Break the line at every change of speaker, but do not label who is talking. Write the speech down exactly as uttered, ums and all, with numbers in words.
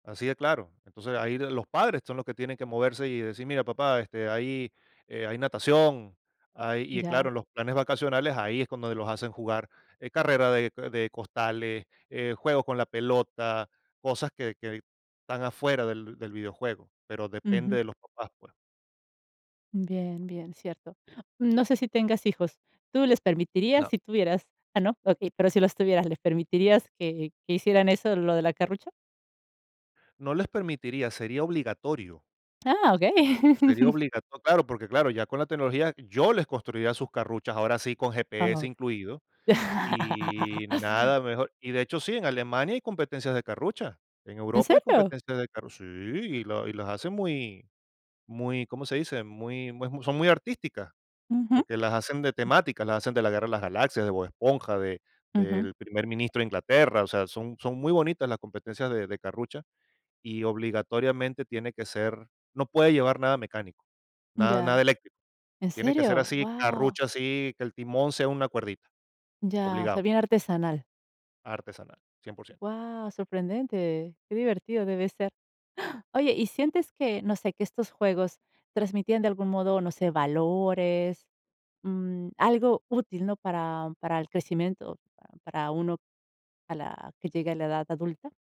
Así de claro. Entonces, ahí los padres son los que tienen que moverse y decir: "Mira, papá, este, hay, eh, hay natación", hay, y, claro,
Ya.
los planes vacacionales ahí es cuando los hacen jugar, eh, carrera de co de costales, eh, juegos con la pelota, cosas que que están afuera del del videojuego, pero depende
Ujú.
de los papás, pues.
Bien, bien, cierto. No sé si tengas hijos, ¿tú les permitirías
No.
si tuvieras? Ah, no, okey, pero si los tuvieras, ¿les permitirías que que hicieran eso lo de la carrucha?
No les permitiría, sería obligatorio.
Ah,
Sería
okey.
obligato Claro, porque claro, ya con la tecnología yo les construiría sus carruchas, ahora sí con GPS
Ajá.
incluido, y nada mejor. Y de hecho, sí, en Alemania hay competencias de carrucha, en
¿En
Europa hay
serio?
competencias de carru sí, y la y las hacen muy muy, ¿cómo se dice? Muy, es muy, son muy artísticas,
Ujú.
porque las hacen de temática, las hacen de la guerra de las galaxias, de Bob Esponja, de
Ujú.
del primer ministro de Inglaterra. O sea, son son muy bonitas las competencias de de Carrucha, y obligatoriamente tiene que ser no puede llevar nada mecánico, nada nada
Ya,
eléctrico.
¿en
Tiene que ser
serio?
así,
Guau.
Carrucha, así, que el timón sea una cuerdita.
Ya, osea
Obligado,
bien artesanal.
Artesanal, cien por cien.
Guau, sorprendente, qué divertido debe ser. Oye, ¿y sientes que, no sé, que estos juegos transmitían de algún modo, no sé, valores?, mm, algo útil, ¿no? Para para el crecimiento, para uno, a la que llegue a la edad adulta?